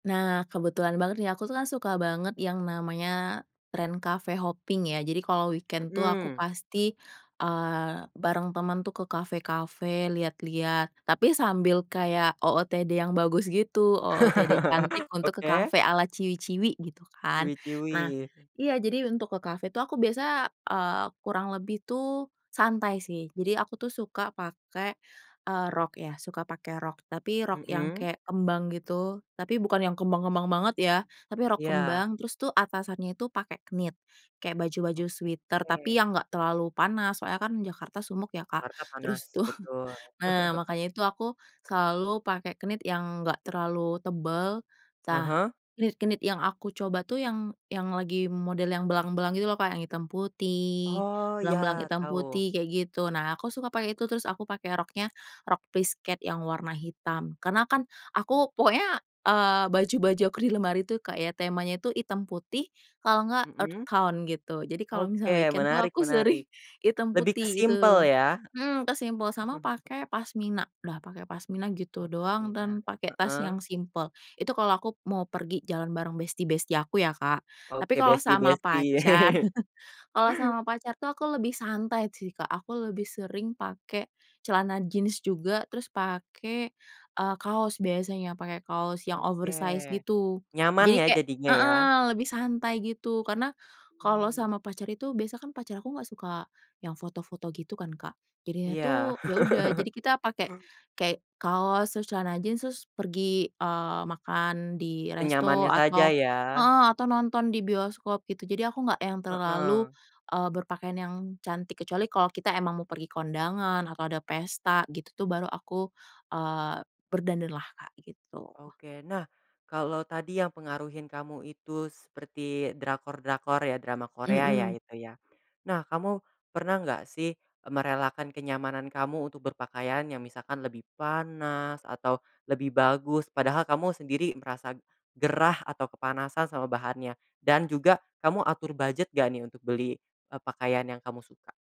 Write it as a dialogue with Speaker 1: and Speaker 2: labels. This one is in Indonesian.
Speaker 1: Nah kebetulan banget nih, aku tuh kan suka banget yang namanya trend cafe-hoping ya jadi kalau weekend tuh aku
Speaker 2: Mmm.
Speaker 1: pasti, eee, bareng teman tuh ke kafe-kafe lihat-lihat, tapi sambil kayak OOTD yang bagus gitu, OOTD cantik untuk ke
Speaker 2: Oke.
Speaker 1: kafe ala ciwi-ciwi, gitu kan. Nah,
Speaker 2: Ciwi-ciwi.
Speaker 1: iya, jadi untuk ke kafe tuh aku biasa, eee, kurang lebih tuh santai sih, jadi aku tuh suka pake, eee, rok ya, suka pake rok, tapi rok yang
Speaker 2: Mhm.
Speaker 1: kayak kembang gitu, tapi bukan yang kembang kembang banget ya, tapi rok
Speaker 2: Iya.
Speaker 1: kembang, terus tuh atasannya itu pakai knit, kayak baju-baju
Speaker 2: Oke.
Speaker 1: sweater tapi yang enggak terlalu panas soalnya kan Jakarta sumuk ya Kak,
Speaker 2: Jakarta panas
Speaker 1: terus tuh
Speaker 2: betul.
Speaker 1: nah makanya itu aku selalu pakai knit yang enggak terlalu tebel.
Speaker 2: Ah
Speaker 1: Tah
Speaker 2: hah.
Speaker 1: knit-knit yang aku coba tuh yang yang lagi model yang belang-belang gitu loh Kak, yang hitam putih,
Speaker 2: Oh
Speaker 1: belang-belang
Speaker 2: iya,
Speaker 1: hitam
Speaker 2: tahu.
Speaker 1: putih, kayak gitu, nah aku suka pakai itu, terus aku pakai roknya rok plisket yang warna hitam. Karena kan aku pokoknya, eee, baju-baju aku di lemari tuh kayak temanya itu hitam putih, kalau enggak earth
Speaker 2: Mhm.
Speaker 1: tone gitu, jadi kalau
Speaker 2: Oke
Speaker 1: misal weekend tuh
Speaker 2: menarik
Speaker 1: aku sering
Speaker 2: menarik.
Speaker 1: hitam
Speaker 2: Lebih ke
Speaker 1: putih
Speaker 2: simpel
Speaker 1: gitu.
Speaker 2: ya.
Speaker 1: Mhm, ke simpel, sama pakai pasmina, dah pakai pasmina
Speaker 2: Oh
Speaker 1: gitu doang
Speaker 2: pasmina,
Speaker 1: dan pakai tas yang
Speaker 2: heeh.
Speaker 1: simpel. Itu kalau aku mau pergi jalan bareng besti-besti aku ya Kak, tapi
Speaker 2: Oke
Speaker 1: kalau sama
Speaker 2: besti-besti.
Speaker 1: pacar kalau sama pacar tuh aku lebih santai sih Kak, aku lebih sering pakai celana jeans juga, terus pakai, eee, kaos biasanya, pakai kaos yang
Speaker 2: Oke.
Speaker 1: oversize gitu,
Speaker 2: Nyaman
Speaker 1: jadi
Speaker 2: ya
Speaker 1: kayak
Speaker 2: jadinya ya.
Speaker 1: heeh, lebih santai gitu, karena kalau
Speaker 2: Mmm.
Speaker 1: sama pacar itu, biasa kan pacar aku gak suka yang foto-foto gitu kan Kak, jadinya
Speaker 2: Iya.
Speaker 1: tuh ya udah, jadi kita pakai
Speaker 2: Oh.
Speaker 1: kayak kaos terus celana jeans, terus pergi, eee, makan di resto
Speaker 2: Senyamannya saja
Speaker 1: atau
Speaker 2: ya.
Speaker 1: heeh, atau nonton di bioskop gitu, jadi aku nggak yang terlalu,
Speaker 2: Heeh.
Speaker 1: eee, berpakaian yang cantik, kecuali kalau kita emang mau pergi kondangan, atau ada pesta gitu tuh baru aku, eee, berdandan lah Kak, gitu.
Speaker 2: Oke nah, kalau tadi yang pengaruhin kamu itu seperti drakor-drakor ya, drama Korea ya
Speaker 1: Mhm.
Speaker 2: itu ya, nah kamu, pernah enggak sih merelakan kenyamanan kamu untuk berpakaian yang misalkan lebih panas atau lebih bagus, padahal kamu sendiri merasa gerah atau kepanasan sama bahannya, dan juga, kamu atur budget nggak nih untuk beli, eee, pakaian yang kamu suka?